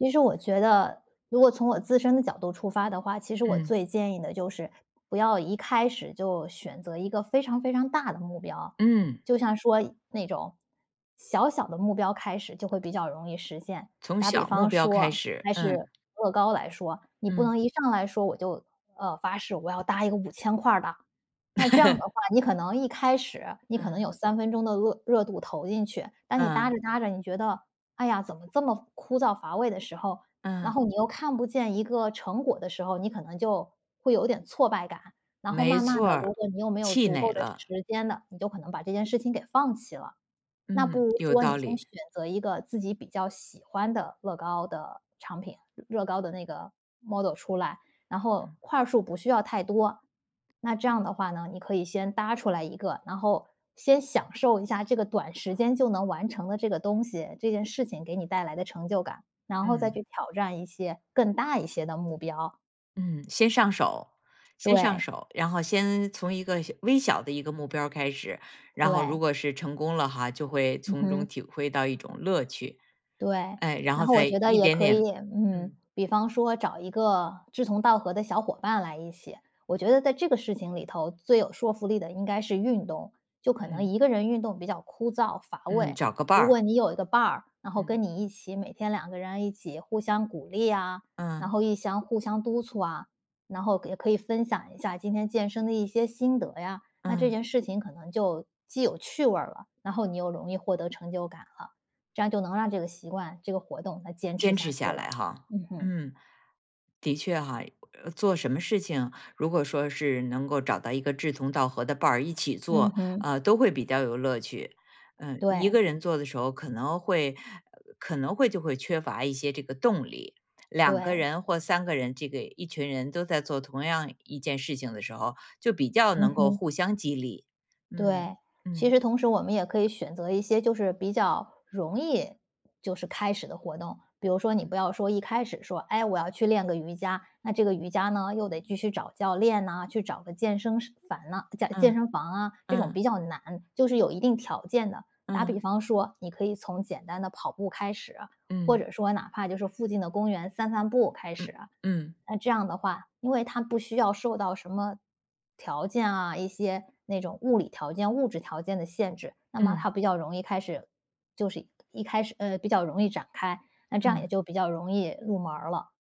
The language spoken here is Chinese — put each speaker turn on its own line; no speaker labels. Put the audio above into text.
其实我觉得如果从我自身的角度出发的话，其实我
嗯。
最建议的就是不要一开始就选择一个非常非常大的目标，
嗯。
就像说那种小小的目标开始，就会比较容易实现。
从
打比
小目
方
标
说
开
啊，
始，
还
嗯。
是乐高来说，你不
嗯。
能一上来说我就呃，发誓我要搭一个5000块儿的。那这样的话，你可能一开始，你可能
嗯。
有三分钟的饿热度投进去，但你搭
嗯。
着搭着你觉得，哎呀，怎么这么枯燥乏味的时候，然
嗯。
后你又看不见一个成果的时候，你可能就会有点挫败感。然后
没
慢慢
错
地，如
儿，
果你又没有
气
足够
馁
的
了。
时间呢，你就可能把这件事情给放弃了。那不
嗯，
如
有
说
道
你先
理。
选择一个自己比较喜欢的乐高的产品，乐高的那个 model 出来，然后
嗯。
块儿数不需要太多。那这样的话呢，你可以先搭出来1个，然后先享受一下这个短时间就能完成的这个东西，这件事情给你带来的成就感，然后再
嗯。
去挑战一些更大一些的目标。
嗯，先上手，先上
对。
手，然后先从一个小微小的一个目标儿开始，然后
对。
如果是成功了哈，就会
嗯
从中
哼。
体会到一种乐趣，
对，
哎，然
然
后
后我
再
觉得
一
也
点
可
点
以嗯，
嗯。
比方说找一个志同道合的小伙伴来一起，我觉得在这个事情里头，最有说服力的应该是运动。就可能
嗯。
1个人运动比较枯燥乏
嗯，
味，
找个伴
如果
儿。
你有一个伴儿，然后
嗯。
跟你一起，每天2个人一起互相鼓励啊，然
嗯。
后一相互相督促啊，然后也可以分享一下今天健身的一些心得呀，那这
嗯。
件事情可能就既有趣味儿了，然后你又容易获得成就感了，这样就能让这个习惯、这个活动能坚持
坚
下
持
去
下
了。
来哈，
嗯哼。
嗯，的确哈，呃做什么事情，如果说是能够找到一个志同道合的伴儿一起
嗯
做，
哼。
呃，都会比较有乐趣。嗯，1
对。
个人做的时候可能会，呃，可能会就会缺乏一些这个动力。2个人
对。
或3个人，这个一群人都在做同样一件事情的时候，就比较
嗯
能够
哼。
互相激励。嗯，
对，其
嗯。
实同时我们也可以选择一些就是比较容易就是开始的活动，比如说你
嗯。
不要说一开始说，哎，我要去练个瑜伽，那这个瑜伽呢，又得继续找教练呐，去找个健身室房呐健健
嗯，
身房啊，这种
嗯。
比较难，就是有一定条件的。打比
嗯。
方说，你可以从简单的跑步开始，或
嗯。
者说哪怕就是附近的公园散散步开始。
嗯，嗯。
那这样的话，因为它不需要受到什么条件啊，一些那种物理条件、物质条件的限制，那么
嗯。
它比较容易开始，就是一开始呃，比较容易展开，那这样也
嗯。
就比较容易入门儿了。